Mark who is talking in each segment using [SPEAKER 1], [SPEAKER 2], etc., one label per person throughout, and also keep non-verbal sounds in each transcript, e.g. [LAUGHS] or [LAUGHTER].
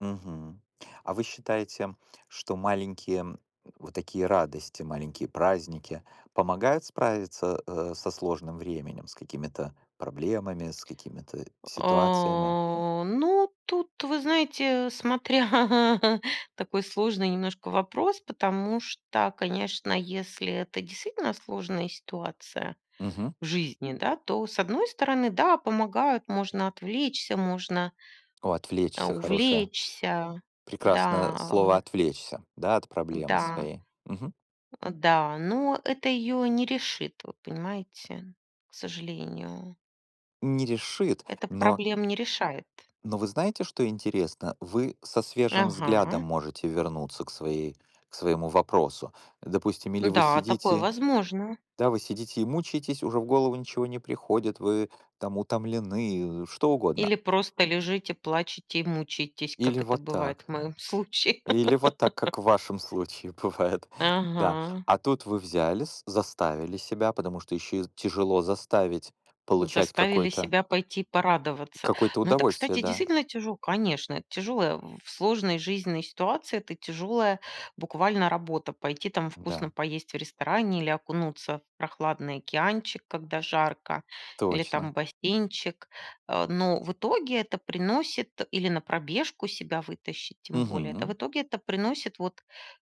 [SPEAKER 1] Мгм. А вы считаете, что маленькие вот такие радости, маленькие праздники помогают справиться, э, со сложным временем, с какими-то проблемами, с какими-то, э, ситуациями?
[SPEAKER 2] О, ну, тут, вы знаете, смотря, [CHUCKLES] такой сложный немножко вопрос, потому что, конечно, если это действительно сложная ситуация
[SPEAKER 1] Мгм.
[SPEAKER 2] в жизни, да, то, с одной стороны, да, помогают, можно отвлечься, можно.
[SPEAKER 1] О,
[SPEAKER 2] А
[SPEAKER 1] отвлечься- хорошее.
[SPEAKER 2] увлечься. Да,
[SPEAKER 1] Прекрасное слово
[SPEAKER 2] а.
[SPEAKER 1] "отвлечься", да, от проблемы
[SPEAKER 2] Да.
[SPEAKER 1] своей. Мгм.
[SPEAKER 2] А, да, но это её не решит, вот понимаете, к сожалению.
[SPEAKER 1] Не решит,
[SPEAKER 2] Это
[SPEAKER 1] но
[SPEAKER 2] проблем не решает.
[SPEAKER 1] но вы знаете, что интересно? Вы со свежим взглядом
[SPEAKER 2] Ага.
[SPEAKER 1] можете вернуться к своей к своему вопросу. Допустим, или вы
[SPEAKER 2] Да, такое
[SPEAKER 1] сидите
[SPEAKER 2] возможно.
[SPEAKER 1] да, вы сидите и мучаетесь, уже в голову ничего не приходит, вы там утомлены, что угодно.
[SPEAKER 2] Или просто лежите, плачете и мучаетесь,
[SPEAKER 1] Или
[SPEAKER 2] как это
[SPEAKER 1] вот
[SPEAKER 2] бывает в
[SPEAKER 1] так.
[SPEAKER 2] моём случае.
[SPEAKER 1] Или вот так,
[SPEAKER 2] [LAUGHS]
[SPEAKER 1] как в вашем случае бывает, да.
[SPEAKER 2] Ага.
[SPEAKER 1] А тут вы взялись, заставили себя, потому что ещё и тяжело заставить получать
[SPEAKER 2] Заставили
[SPEAKER 1] какое-то
[SPEAKER 2] себя пойти порадоваться.
[SPEAKER 1] какое-то
[SPEAKER 2] Но это,
[SPEAKER 1] удовольствие,
[SPEAKER 2] кстати,
[SPEAKER 1] да.
[SPEAKER 2] действительно тяжел конечно, это тяжело. В сложной жизненной ситуации это тяжелая буквально работа, пойти там
[SPEAKER 1] Да.
[SPEAKER 2] вкусно поесть в ресторане или окунуться в прохладный океанчик, когда жарко, или там
[SPEAKER 1] Точно.
[SPEAKER 2] бассейнчик, э, но в итоге это приносит или на пробежку себя вытащить, тем более, да, в
[SPEAKER 1] Мгм.
[SPEAKER 2] итоге это приносит вот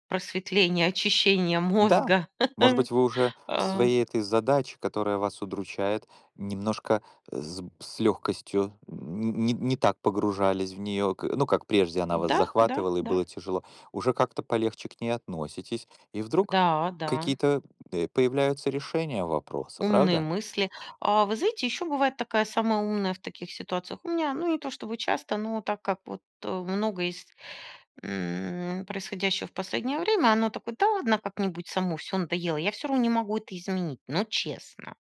[SPEAKER 2] просветление, очищение
[SPEAKER 1] Да.
[SPEAKER 2] мозга,
[SPEAKER 1] Может
[SPEAKER 2] [LAUGHS]
[SPEAKER 1] быть, вы уже к
[SPEAKER 2] а.
[SPEAKER 1] своей этой задаче, которая вас удручает, немножко с б с лёгкостью н не не так погружались в неё, к ну, как прежде она вас
[SPEAKER 2] Да, да,
[SPEAKER 1] захватывала, и
[SPEAKER 2] да.
[SPEAKER 1] было тяжело. Уже как-то полегче к ней относитесь, и вдруг
[SPEAKER 2] Да, да.
[SPEAKER 1] какие-то, э, появляются решения вопроса,
[SPEAKER 2] Умные
[SPEAKER 1] правда?
[SPEAKER 2] мысли. А вы знаете, ещё бывает такая самая умная в таких ситуациях. У меня, ну, не то чтобы часто, но так как вот, э, много есть, м, происходящего в последнее время, оно такое: "Да ладно, как-нибудь само. Всё надоело, я всё равно не могу это изменить". Ну, честно!